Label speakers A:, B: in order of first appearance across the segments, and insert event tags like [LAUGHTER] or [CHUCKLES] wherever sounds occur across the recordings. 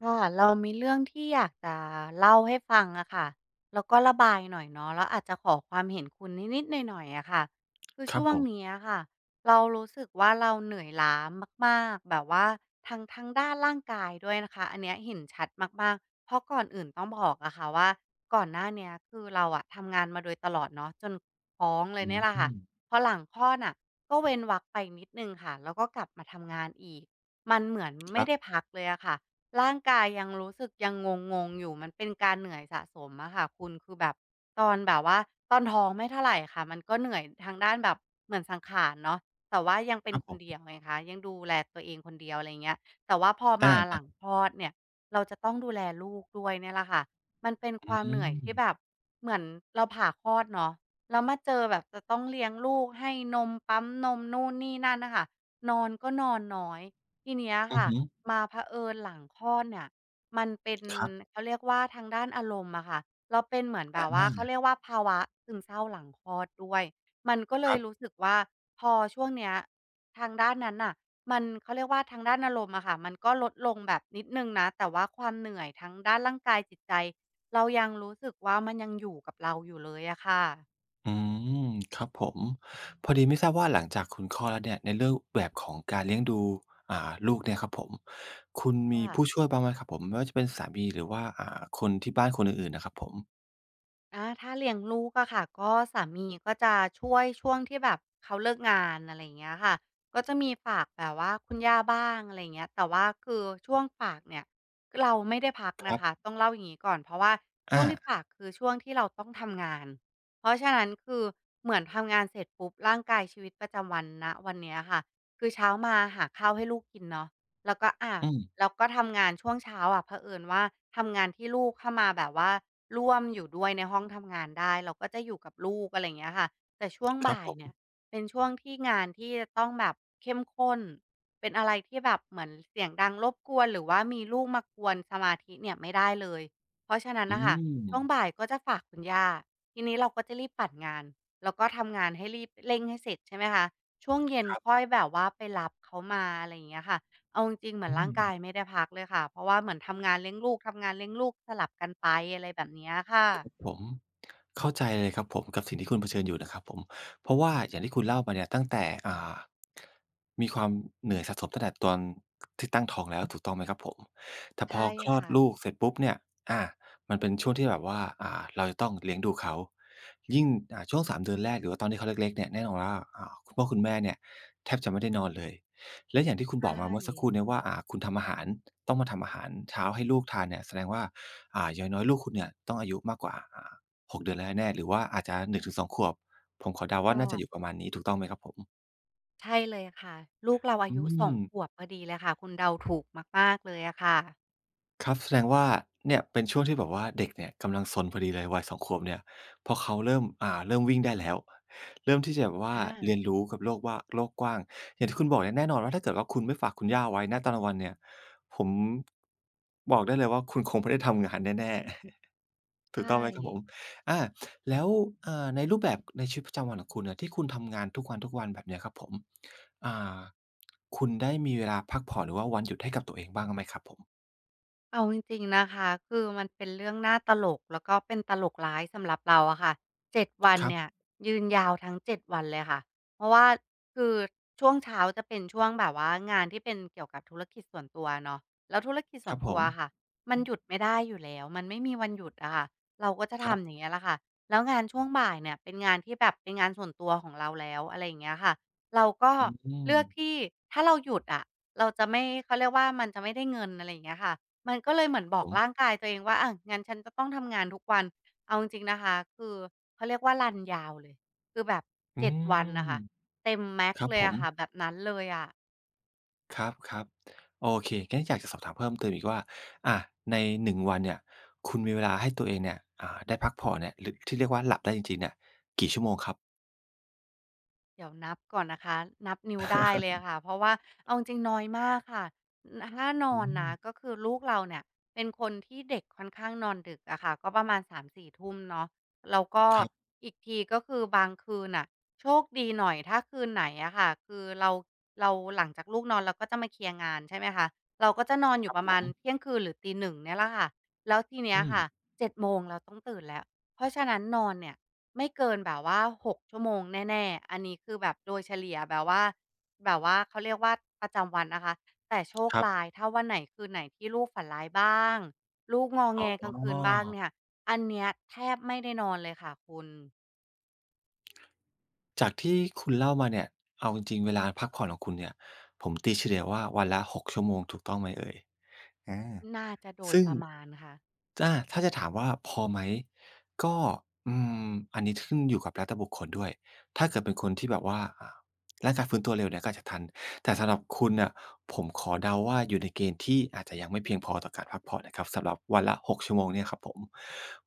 A: ค่ะ เรามีเรื่องที่อยากจะเล่าให้ฟังอะค่ะ แล้วก็ระบายหน่อยเนาะ แล้วอาจจะขอความเห็นคุณนิด ๆ หน่อย ๆ อะค่ะ คือ
B: ค
A: ช
B: รับ
A: ่วง
B: ผม
A: เนี้ยค่ะ เรารู้สึกว่า เราเหนื่อยล้ามาก ๆ แบบว่าทั้ง ทางด้านร่างกายด้วยนะคะ อันเนี้ยเห็นชัดมาก ๆ เพราะก่อนอื่นต้องบอกอะค่ะว่า ก่อนหน้าเนี้ย คือเราอะทำงานมาโดยตลอดเนาะ จนท้องเล
B: อ
A: ย
B: ื
A: เนี่ยล่ะค่ะ
B: ม
A: พอหลังคลอดน่ะ ก็เว้นวรรคไปนิดหนึ่งค่ะ แล้วก็กลับมาทำงานอีก มันเหมือน
B: ค
A: ไม
B: ร
A: ่
B: ับ
A: ได้พักเลยอะค่ะ ร่างกายยังรู้สึกยังงง ๆ อยู่ มันเป็นการเหนื่อยสะสมอะค่ะคุณ คือแบบตอนแบบว่า ตอนท้องไม่เท่าไรค่ะ มันก็เหนื่อยทางด้านแบบเหมือนสังขารเนาะ แต่ว่ายังเ
B: ค
A: ป็
B: รั
A: น
B: บ
A: ค
B: ผ
A: นเดี
B: ม
A: ยวไงคะ ยังดูแลตัวเองคนเดียว อะไรเงี้ย แต่ว่าพอ
B: อะ
A: มา
B: ฮ
A: หลัง
B: ะ
A: คลอดเนี่ย เราจะต้องดูแลลูกด้วยเนี่ยแหละค่ะ มันเป็นค
B: อื
A: วามเหนื่อยที่
B: ม
A: แบบเหมือน เราผ่าคลอดเนาะ แล้วมาเจอแบบจะต้องเลี้ยงลูก ให้นม ปั๊มนม นู่นนี่นั่นน่ะค่ะ นอนก็นอนน้อย ทีเนี้ย
B: อื
A: ค
B: อ
A: ่ะ
B: ฮึ
A: มาเผอิญหลังคลอดเนี่ย มันเป็น
B: ครับ
A: เขาเรียกว่าทางด้านอารมณ์อะค่ะ เราเป็นเหมือนแ
B: อ
A: บบว่า เขา
B: า
A: เรียกว่าภาวะซึมเศร้าหลังคลอดด้วย มันก็เล
B: คร
A: ย
B: ับ
A: รู้สึกว่า พอช่วงเนี้ย ทางด้านนั้นน่ะ มัน เขาเรียกว่าทางด้านอารมณ์อะค่ะ มันก็ลดลงแบบนิดหนึ่งนะ แต่ว่าความเหนื่อยทั้งด้านร่างกายจิต ใจ เรายังรู้สึกว่า มันยังอยู่กับเราอยู่เลยอะค่ะ
B: อืม ครับผม พอดีไม่ทราบว่า หลังจากคุณคลอดแล้วเนี่ย ในรูปแบบของการเลี้ยงดู อ่า ลูกเนี่ยครับผม คุณ
A: ค
B: ม
A: ่
B: ี
A: ะ
B: ผู้ช่วยบ้างไหมครับผม ไม่ว่าจะเป็นสามี หรือว่า อ่า คนที่บ้านคนอื่น ๆ น่ะครับผม?
A: อา ถ้าเลี้ยงลูกอะค่ะ ก็สามีก็จะช่วย ช่วงที่แบบเขาเลิกงาน อะไรอย่างเงี้ยค่ะ ก็จะมีฝากแบบว่าคุณย่า บ้าง อะไรอย่างเงี้ย แต่ว่าคือช่วงฝากเนี่ย เราไม่ได้พัก
B: ค
A: น
B: ร
A: ะ
B: ั
A: ค
B: บ
A: ะ ต้องเล่าอย่างงี้ก่อน เพราะว่าช
B: อ
A: ่วงที่ฝาก
B: า
A: คือช่วงที่เราต้องทำงาน เพราะฉะนั้น คือเหมือนทำงานเสร็จปุ๊บ ร่างกายชีวิตประจำวัน ณ วันเนี้ยค่ะ คือเช้ามาหาข้าวให้ลูกกินเนาะ แล้วก็ อะ
B: อืม
A: แล้วก็ทำงานช่วงเช้า อะ เผอิญว่าทำงานที่ลูกเข้ามาแบบว่าร่วมอยู่ด้วยในห้องทำงานได้ เราก็จะอยู่กับลูก อะไรอย่างเงี้ยค่ะ แต่ช่วง
B: ค
A: บ
B: รับ
A: ่าย
B: ผ
A: เนี่ย
B: ม
A: เป็นช่วงที่งานที่จะต้องแบบเข้มข้น เป็นอะไรที่แบบเหมือนเสียงดังรบกวน หรือว่ามีลูกมากวนสมาธิเนี่ยไม่ได้เลย เพราะฉะนั้น
B: อื
A: น่ะค่ะ ช่วง
B: ม
A: บ่ายก็จะฝากคุณย่า ทีนี้เราก็จะรีบปั่นงาน แล้วก็ทำงานให้รีบ เร่งให้เสร็จ ใช่ไหมคะ ช่วงเย็น
B: ครับ
A: ค่อยแบบว่า ไปรับเขามา อะไรอย่างเงี้ยค่ะ เอาจริง ๆ เหมื
B: อ
A: อน
B: ื
A: ร่างกา
B: ม
A: ยไม่ได้พักเลยค่ะ เพราะว่าเหมือนทำงาน เลี้ยงลูก ทำงาน เลี้ยงลูก สลับกันไป อะไรแบบเนี้ยค่
B: ครั
A: ะ
B: บผม เข้าใจเลยครับผม กับสิ่งที่คุณเผชิญอยู่นะครับผม เพราะว่าอย่างที่คุณเล่ามาเนี่ย ตั้งแต่ อ่า มีความเหนื่อยสะสมตั้งแต่ตอน ก ที่ตั้งท้องแล้ว ถูกต้องไหมครับผม? แต่
A: ใช
B: พ
A: ่
B: อคลอ
A: ค
B: ด
A: ่ะ
B: ลูกเสร็จปุ๊บเนี่ย อา มันเป็นช่วงที่แบบว่า อ่า เราจะต้องเลี้ยงดูเขา ยิ่ง อ่า ช่วง 3 เดือนแรก หรือว่าตอนที่เขาเล็ก ๆ เนี่ย แน่นอนว่า อ่า คุณพ่อคุณแม่เนี่ย แทบจะไม่ได้นอนเลย และอย่างที่คุณ
A: ใช
B: บอกมาเมื่อสักค
A: ่
B: รู่เนี้ยว่า อ่า คุณทำอาหาร ต้องมาทำอาหารเช้าให้ลูกทานเนี่ย แสดงว่า อ่า อย่างน้อย ๆ ลูกคุณเนี่ย ต้องอายุมากกว่า อ่า 6 เดือนแล้วแน่ ๆ หรือว่าอาจจะ 1-2 ขวบ ผมขอเดา
A: ค
B: ว่
A: ่
B: าน่าจะ
A: ะ
B: อยู่ประมาณนี้ ถูกต้องไหมครับผม?
A: ใช่เลยค่ะ ลูกเราอา
B: อื
A: ยุ 2
B: ม
A: ขวบพอดีเลยค่ะ คุณเดาถูก มาก ๆ เลยอะค่ะ
B: ครับ แสดงว่า เนี่ยเป็นช่วงที่แบบว่า เด็กเนี่ยกำลังซนพอดีเลย วัย 2 ขวบเนี่ย พอเขาเริ่ม อ่า เริ่มวิ่งได้แล้ว เริ่มที่จะแบบว่
A: อ
B: าเรี
A: า
B: ยนรู้กับโลกว่า โลกกว้าง อย่างที่คุณบอกเนี่ยแน่นอนว่า ถ้าเกิดว่าคุณไม่ฝากคุณย่าเอาไว้ ณ ตอนกลางวันเนี่ย ผม บอกได้เลยว่าคุณคงไม่ได้ทำงานแน่ ๆ [CHUCKLES]
A: ใช
B: ถูกต้องไหมครับผ
A: ่
B: ม? อา แล้ว อ่า ในรูปแบบในชีวิตประจำวันของคุณเนี่ย ที่คุณทำงาน ทุกวัน ๆ แบบเนี้ยครับผม อ่า คุณได้มีเวลาพักผ่อน หรือว่าวันหยุดให้กับตัวเองบ้างไหมครับผม?
A: เอาจริง ๆ นะคะ คือมันเป็นเรื่องน่าตลก แล้วก็เป็นตลกร้ายสำหรับเราอะค่ะ 7 วัน
B: ครั
A: เน
B: บ
A: ี่ย ยืนยาวทั้ง 7 วันเลยค่ะ เพราะว่า คือช่วงเช้าจะเป็นช่วงแบบว่า งานที่เป็นเกี่ยวกับธุรกิจส่วนตัวเนาะ แล้วธุรกิจส
B: ค
A: ่
B: ร
A: ว
B: ั
A: น
B: บ
A: ต
B: ผ
A: ัวอะค่ะ
B: ม
A: มันหยุดไม่ได้อยู่แล้ว มันไม่มีวันหยุดอะค่ะ เราก็จะ
B: ค
A: ท
B: รับ
A: ำอย่างเงี้ยล่ะค่ะ แล้วงานช่วงบ่ายเนี่ย เป็นงานที่แบบเป็นงานส่วนตัวของเราแล้ว อะไรอย่างเงี้ยค่ะ เราก็
B: อื
A: เลือก
B: ม
A: ที่ ถ้าเราหยุดอะ เราจะไม่ เขาเรียกว่า มันจะไม่ได้เงิน อะไรอย่างเงี้ยค่ะ มันก็เลย
B: ค
A: เหมือ
B: ร
A: น
B: ับ
A: บ
B: ผ
A: อก
B: ม
A: ร่างกายตัวเองว่า อ่า งั้นฉันจะต้องทำงานทุกวัน เอาจริง ๆ นะคะ คือเขาเรียกว่ารันยาวเลย คือแบบ
B: อื
A: 7 วั
B: ม
A: นน่ะค่ะ เต็ม max
B: ครับ
A: เล
B: ผ
A: ยอะค่
B: ม
A: ะ แบบนั้นเลยอะ
B: ครับ ๆ โอเค งั้นอยากจะสอบถามเพิ่มเติมอีกว่า อะ ใน 1 วันเนี่ย คุณมีเวลาให้ตัวเองเนี่ย อ่า ได้พักผ่อนเนี่ย หรือที่เรียกว่าหลับได้จริง ๆ เนี่ยกี่ชั่วโมงครับ?
A: เดี๋ยวนับก่อนนะคะ นับนิ้วได้เลยอะค่ะ เพราะว่าเอ
B: [LAUGHS]
A: าจริงน้อยมากค่ะ น น่าน
B: อื
A: อนนะ
B: ม
A: ก็คือลูกเราเนี่ย เป็นคนที่เด็กค่อนข้างนอนดึกอะค่ะ ก็ประมาณ 3-4 ทุ่มเนาะ แล้วก็
B: ครับ
A: อีกที ก็คือบางคืนน่ะ โชคดีหน่อยถ้าคืนไหนอะค่ะ คือเรา เราหลังจากลูกนอน เราก็จะมาเคลียร์งาน ใช่ไหมคะ เราก็จะนอนอย
B: ค
A: ู
B: ร
A: ่
B: ับ
A: ประ
B: ผ
A: มาณ
B: ม
A: เที่ยงคืน หรือ 01:00 นี่ล่ะค่ะ แล้วทีเนี้
B: อ
A: ย
B: ื
A: ค่ะ
B: ม
A: 7 โมง เราต้องตื่นแล้ว เพราะฉะนั้นนอนเนี่ย ไม่เกินแบบว่า 6 ชั่วโมงแน่ ๆ อันนี้คือแบบโดยเฉลี่ยแบบว่า แบบว่าเขาเรียกว่าประจำวันนะคะ แต่โชค
B: ครั
A: ร
B: บ
A: ้ายถ้าวันไหน คืนไหนที่ลูกฝันร้ายบ้าง ลูกงอ
B: อ
A: แ
B: ๋
A: งกลางคืนบ้าง
B: อ
A: เนี่ย อันเนี้ยแทบไม่ได้นอนเลยค่ะคุณ
B: จากที่คุณเล่ามาเนี่ย เอาจริง ๆ เวลาพักผ่อนของคุณเนี่ย ผมตีเฉลี่ยว่าวันละ 6 ชั่วโมง ถูกต้องไหมเอ่ย? อา
A: น่าจะโด
B: ซ
A: ย
B: ึ่ง
A: ประมาณค่ะ
B: อ่า ถ้าจะถามว่าพอไหม ก็ อืม อันนี้ขึ้นอยู่กับรัฐบุคคลด้วย ถ้าเกิดเป็นคนที่แบบว่า อ่า ร่างกายฟื้นตัวเร็วเนี่ยก็อาจจะทัน แต่สำหรับคุณน่ะ ผมขอเดาว่า อยู่ในเกณฑ์ที่อาจจะยังไม่เพียงพอต่อการพักผ่อนนะครับ สำหรับวันละ 6 ชั่วโมงเนี่ยครับผม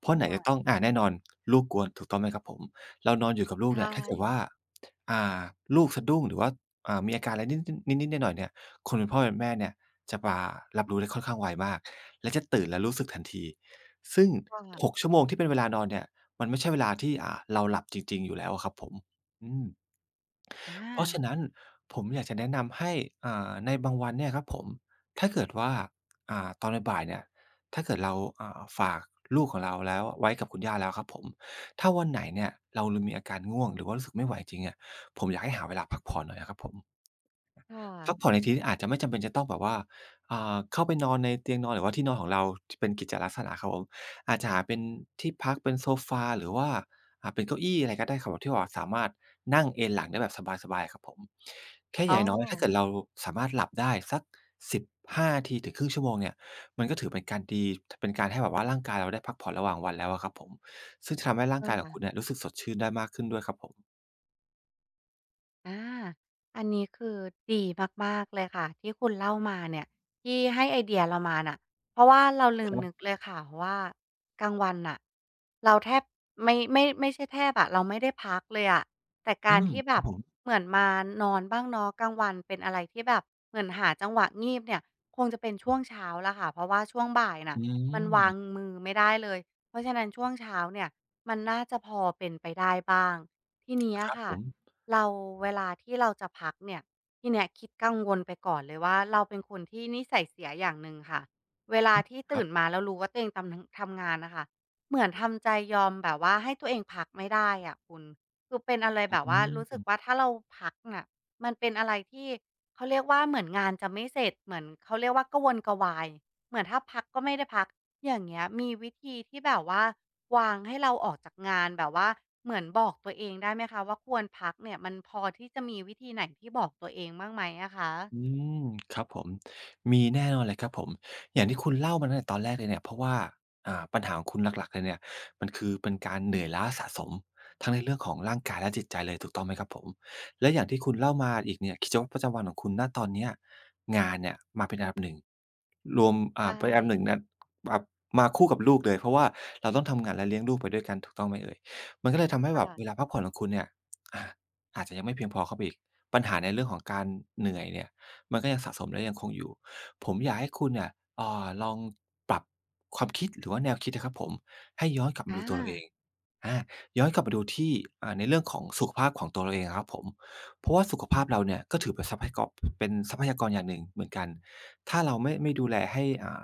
B: เพรา
A: ใ
B: ะ
A: ช
B: ไหนจะ
A: ่
B: ต้อง อ่า แน่นอน ลูกกวน ถูกต้องไหมครับผม เรานอนอยู่กับลู
A: ใช
B: กเนี่ย ถ้าเกิดว่า
A: ่
B: อ่า ลูกสะดุ้งหรือว่า อ่า มีอาการอะไรนิด นิด ๆ หน่อย ๆ เนี่ย คนเป็นพ่อแม่เนี่ย จะมารับรู้ได้ค่อนข้างไวมาก และจะตื่นแล้วรู้สึกทันที ซึ่ง
A: ใช่ค่
B: ห
A: ะ
B: ก ชั่วโมงที่เป็นเวลานอนเนี่ย มันไม่ใช่เวลาที่ อ่า เราหลับจริง ๆ อยู่แล้วอะครับผม อืม
A: อ
B: เพราะฉ
A: า
B: ะนั้นผมอยากจะแนะนำให้ อ่า ในบางวันเนี่ยครับผม ถ้าเกิดว่า อ่า ตอนบ่าย ๆ เนี่ย ถ้าเกิดเรา อ่า ฝาก ลูกของเราแล้วไว้กับคุณย่าแล้วครับผม ถ้าวันไหนเนี่ย เรามีอาการง่วงหรือว่ารู้สึกไม่ไหวจริงเนี่ย ผมอยากให้หาเวลาพักผ่อนหน่อยอะครับผม
A: ค่
B: พั
A: ะ
B: กผ่อนในที่นี้อาจจะไม่จำเป็นจะต้องแบบว่า อ่า เข้าไปนอนในเตียงนอน หรือว่าที่นอนของเรา ท เป็นกิจลักษณะครับผม อาจจะหาเป็นที่พักเป็นโซฟาหรือว่า อ่า เป็นเก้าอี้ อะไรก็ได้ครับที่ว่า สามารถนั่งเอนหลังได้แบบสบาย ๆ ครับผม แค่
A: อ
B: อ
A: ๋
B: ย่
A: อ
B: างน้อยถ้าเกิดเราสามารถหลับได้สัก 15 นาทีถึง 0.5 ชั่วโมงเนี่ย มันก็ถือเป็นการดี ถ เป็นการให้แบบว่าร่างกายเราได้พักผ่อนระหว่างวันแล้วอะครับผม ซึ่งทำให้ร่
A: ใ
B: า
A: ช
B: ง
A: ่
B: กายข
A: ค
B: อง
A: ่
B: ค
A: ะ
B: ุณเนี่ย รู้สึกสดชื่นได้มากขึ้นด้วยครับผม
A: อา อันนี้คือดีมาก ๆ เลยค่ะ ที่คุณเล่ามาเนี่ย ที่ให้ไอเดียเรามาน่ะ เพราะว่าเราลื
B: ค
A: ม
B: รั
A: น
B: บ
A: ึกเลยค่ะว่า กลางวันน่ะ เราแทบ ไม ไม่ ไม่ใช่แทบอะ เราไม่ได้พักเลยอะ แต่
B: อ
A: ก
B: ื
A: าร
B: ม
A: ที่แ
B: ค
A: บ
B: รับ
A: บ
B: ผม
A: เหมือนมานอนบ้างเนาะ กลางวันเป็นอะไรที่แบบเหมือนหาจังหวะงีบเนี่ย คงจะเป็นช่วงเช้าล่ะค่ะ เพราะว่าช่วงบ่ายน่
B: อ
A: ะ
B: ื
A: มันวาง
B: ม
A: มือไม่ได้เลย เพราะฉะนั้นช่วงเช้าเนี่ย มันน่าจะพอเป็นไปได้บ้าง ทีนี้
B: ค
A: อ
B: รั
A: ะ
B: บ
A: ค่
B: ผ
A: ะ
B: ม
A: เรา เวลา ที่เราจะพักเนี่ย ที่นี้คิดกังวลไปก่อนเลยว่า เราเป็นคนที่นิสัยเสียอย่างหนึ่งค่ะ เวลา
B: อืม
A: ที่
B: ค
A: ต
B: ร
A: ื
B: ั
A: ่
B: บ
A: นมาแล้วรู้ว่าตัวเองตำลัง ทำงานน่ะค่ะ เหมือนทำใจยอมแบบว่าให้ตัวเองพักไม่ได้อะคุณ คือเป็นอะไรแบ
B: อ
A: บ
B: ื
A: ว่ารู้สึก
B: ม
A: ว่า ถ้าเราพักน่ะ มันเป็นอะไรที่ เขาเรียกว่าเหมือนงานจะไม่เสร็จ เหมือน เขาเรียกว่ากระวนกระวาย เหมือนถ้าพักก็ไม่ได้พัก อย่างเงี้ย มีวิธีที่แบบว่าวางให้เราออกจากงาน แบบว่าเหมือนบอกตัวเองได้ไหมคะว่า "ควรพัก" เนี่ย มันพอที่จะมีวิธีไหนที่บอกตัวเองบ้างไหมอะคะ?
B: อืม ครับผม มีแน่นอนเลยครับผม อย่างที่คุณเล่ามาตั้งแต่ตอนแรกเลยเนี่ย เพราะว่า อ่า ปัญหาของคุณหลัก ๆ เลยเนี่ย มันคือเป็นการเหนื่อยล้าสะสม ทั้งในเรื่องของร่างกายและจิตใจเลย ถูกต้องไหมครับผม และอย่างที่คุณเล่ามาอีกเนี่ย กิจวัตรประจำวันของคุณ ณ ตอนเนี้ย งานเนี่ยมาเป็นอันดับ 1 รวม
A: ใ
B: อ
A: ช
B: ่า ไปอับ หนึ
A: ่
B: ่ง น่ะ แบบมาคู่กับลูกเลย เพราะว่าเราต้องทำงานและเลี้ยงลูกไปด้วยกัน ถูกต้องไหมเอ่ย มันก็เลยทำให้
A: ค่
B: แบบ
A: ะ
B: เวลาพักผ่อนของคุณเนี่ย อ่า อาจจะยังไม่เพียงพอเข้าไปอีก ปัญหาในเรื่องของ การเหนื่อยเนี่ย มันก็ยังสะสมและยังคงอยู่ ผมอยากให้คุณเนี่ย อ่า ลองปรับความคิดหรือว่าแนวคิดอะครับผม ให้ย้อนกลับมา
A: อ
B: ดูตัวเราเอ
A: า
B: ง อ่า ย้อนกลับมาดูที่ อ่า ในเรื่องของสุขภาพของตัวเราเองอะครับผม เพราะว่า สุขภาพเราเนี่ย ก็ถือเป็น ทรัพยา ก เป็นทรัพยากรอย่างหนึ่งเหมือนกัน ถ้าเราไม่ ไม่ดูแลให้ อ่า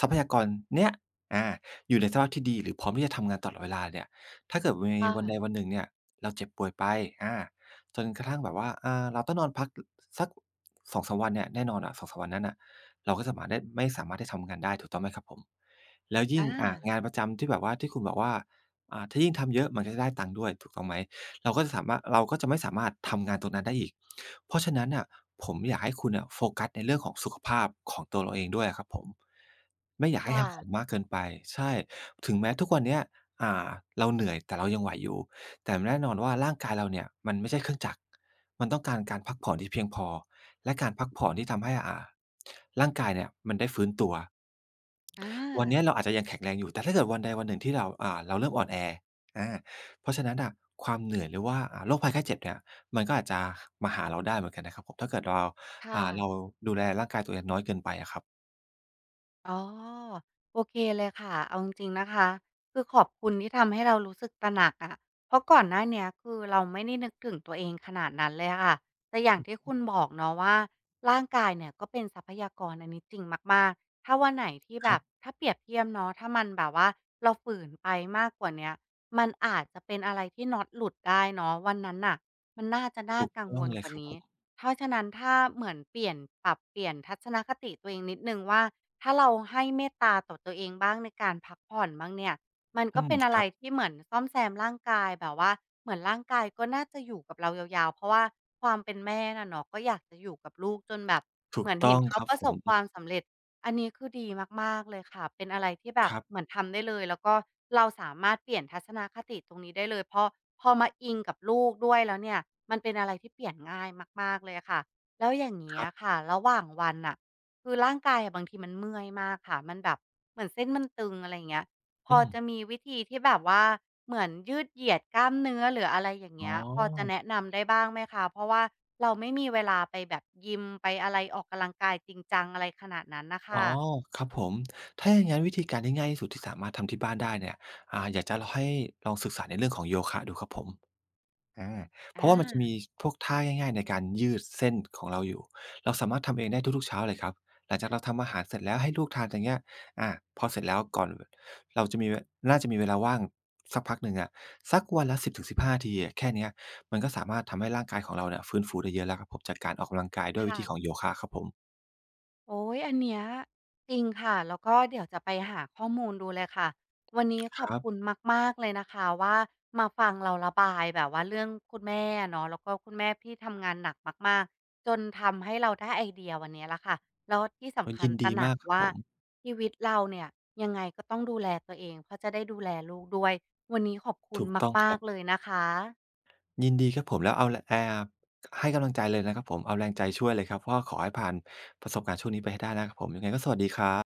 B: ทรัพยากรเนี้ย อา อยู่ในสภาพที่ดี หรือพร้อมที่จะทำงานตลอดเวลาเนี่ย ถ้าเกิดมัน
A: ค
B: ม
A: ่
B: ีวันใด
A: ะ
B: วันหนึ่งเนี่ย เราเจ็บป่วยไป อ่า จนกระทั่งแบบว่า อ่า เราต้องนอนพัก ล สัก 2-3 วันเนี่ย แน่นอนอะ 2-3 วันนั้นน่ะ เราก็สามารถได้ ไม่สามารถที่จะทำงานได้ ถูกต้องไหมครับผม แล้วย
A: อ
B: ิ่ง อ่า
A: า
B: งานประจำที่แบบว่า ที่คุณบอกว่า อ่า ถ้ายิ่งทำเยอะ มันก็จะได้ตังค์ด้วย ถูกต้องไหม เราก็จะสาม่า เราก็จะไม่สามารถทำงานตรงนั้นได้อีก เพราะฉะนั้นน่ะ ผมอยากให้คุณน่ะ โฟกัสในเรื่องของสุขภาพของตัวเราเองด้วยอะครับผม ไม่อยา
A: ค
B: กให
A: ่
B: ้หักโห
A: ะ
B: มมากเกินไป ใช่ ถึงแม้ทุกวันเนี้ย อ่า เราเหนื่อย แต่เรายังไหวอยู่ แต่แน่นอนว่าร่างกายเราเนี่ย มันไม่ใช่เครื่องจักร มันต้องการการพักผ่อน ที่เพียงพอ และการพักผ่อนที่ทำให้ อ่า ร่างกายเนี่ยมันได้ฟื้นตัว
A: อ
B: วันเนี้ย
A: า
B: เราอาจจะยังแข็งแรงอยู่ แต่ถ้าเกิดวันใดวันหนึ่งที่เรา อ่า เราเริ่มอ่อนแอ อา เพราะฉะนั้นน่ะ ความเหนื่อยหรือว่าโรคภัยไข้เจ็บเนี่ย มันก็อาจจะมาหาเราได้เหมือนกันนะครับผม ถ้าเกิด ว เรา
A: ค่
B: อ่า
A: ะ
B: เราดูแลร่างกายตัวเองน้อยเกินไปอะครับ
A: อ๋อ โอเคเลยค่ะ เอาจริง ๆ นะคะ คือขอบคุณที่ทำให้เรารู้สึกตระหนักอะ เพราะก่อนหน้าเนี้ย คือเราไม่ได้นึกถึงตัวเองขนาดนั้นเลยค่ะ แต่อย่างที่คุณ
B: [UNINTELLIGIBLE]
A: บอกเนาะว่า ร่างกายเนี่ยก็เป็นทรัพยากร อันนี้จริงมาก ๆ ถ้าวันไหนที่แ
B: ค
A: บ
B: รั
A: บ
B: บ
A: ถ้าเปรียบเทียบเนาะ ถ้ามันแบบว่าเราฝืนไปมากกว่าเนี้ย มันอาจจะเป็นอะไรที่น๊อตหลุดได้เนาะ วันนั้นน่ะมันน่าจะน
B: ถ
A: ่า
B: ูก
A: กัง
B: ต้
A: ว
B: อง
A: ล
B: เล
A: ก
B: ย
A: ว่า
B: ครับ
A: นี
B: ผ
A: ้
B: ม
A: เพราะฉะนั้นถ้าเหมือนเปลี่ยน ปรับเปลี่ยนทัศนคติตัวเองนิดหนึ่งว่า ถ้าเราให้เมตตาต่อตัวเองบ้างในการพักผ่อนบ้างเนี่ย มันก
B: อื
A: ็เป
B: ม
A: ็นอะ
B: ค
A: ไร
B: รับ
A: ที่เหมือนซ่อมแซมร่างกาย แบบว่าเหมือนร่างกายก็น่าจะอยู่กับเรายาว ๆ เพราะว่าความเป็นแม่น่ะเนาะ ก็อยากจะอยู่กับลูกจนแบบ
B: ถ
A: เ
B: ู
A: หม
B: ก
A: ือน
B: ต
A: เห
B: ้
A: ็
B: อ
A: น
B: ง
A: เขา
B: ครับ
A: ประ
B: ผ
A: สบค
B: ม
A: วามสำเร็จ อันนี้คือดีมาก ๆ เลยค่ะ เป็นอะไรที่แบ
B: ค
A: บ
B: รับ
A: เหมือนทำได้เลย แล้วก็เราสามารถเปลี่ยนทัศนะคติตรงนี้ได้เลย เพราะพอมาอิงกับลูกด้วยแล้วเนี่ย มันเป็นอะไรที่เปลี่ยนง่ายมาก ๆ เลยอะค่ะ แล้วอย่างนี
B: ค
A: ้
B: รั
A: อ
B: บ
A: ะค่ะ ระหว่างวันน่ะ คือร่างกายอะบางทีมันเมื่อยมากค่ะ มันแบบเหมือนเส้นมันตึง อะไรอย่างเงี้ย พ
B: อ
A: อ
B: ื
A: จะ
B: ม
A: มีวิธีที่แบบว่าเหมือนยืดเหยียดกล้ามเนื้อ หรืออะไรอย่าง
B: อ
A: เง
B: ๋อ
A: ี้ย พอจะแนะนำได้บ้างไหมคะ? เพราะว่าเราไม่มีเวลาไปแบบยิม ไปอะไรออกกำลังกาย จริงจังอะไรขนาดนั้นน่ะค
B: อ
A: ่
B: ๋อ
A: ะ
B: ครับผม ถ้าอย่างงั้นวิธีการที่ง่ายที่สุด ที่สามารถทำที่บ้านได้เนี่ย อ่า อยากจะล ให้ลองศึกษาในเรื่องของโยคะดูครับผม อา เพ
A: อ
B: ราะว่ามันจะมี
A: า
B: พวกท่าง่าย ๆ ในการยืดเส้นของเราอยู่ เราสามารถทำเองได้ทุก ๆ เช้าเลยครับ หลังจากเราทำอาหารเสร็จแล้วให้ลูกทานอย่างเงี้ย อา พอเสร็จแล้ว ก่อนเราจะมี น่าจะมีเวลาว่างสักพักหนึ่งอะ สักวันละ 10 ถึง 15 นาทีอะ แค่เนี้ยมันก็สามารถทำให้ร่างกายของเราเนี่ย ฟื้นฟูได้เยอะแล้วครับผม จากการออกกำลังกายด้
A: ค
B: วยวิ
A: ่
B: ธี
A: ะ
B: ของโยคะครับผม
A: โอ๊ย อันเนี้ย จริงค่ะ แล้วก็เดี๋ยวจะไปหาข้อมูลดูเลยค่ะ วันนี้ข
B: ค
A: อบ
B: รับ
A: คุณมาก ๆ เลยนะคะว่า มาฟังเราระบายแบบว่าเรื่องคุณแม่อะเนาะ แล้วก็คุณแม่ที่ทำงานหนักมาก ๆ จนทำให้เราได้ไอเดียวันนี้แล้วค่ะ แล้วที่ส
B: เออ
A: ำคั
B: ยิ
A: ญ
B: น
A: ต
B: ด
A: ร
B: ี
A: ะหน
B: ม
A: ั
B: า
A: ก
B: กครับ
A: ว่า
B: ผม
A: ชีวิตเราเนี่ย ยังไงก็ต้องดูแลตัวเอง เพราะจะได้ดูแลลูกด้วย วันนี้ขอบคุ
B: ถ
A: ณ
B: ูกต้อง
A: ม
B: ค
A: า
B: รั
A: ก
B: บ
A: ๆ เลยนะคะ
B: ยินดีครับผม แล้วเอาแร อ่า ให้กำลังใจเลยนะครับผม เอาแรงใจช่วยเลยครับว่า ขอให้ผ่านประสบการณ์ช่วงนี้ไปให้ได้นะครับผม ยังไงก็สวัสดีครับ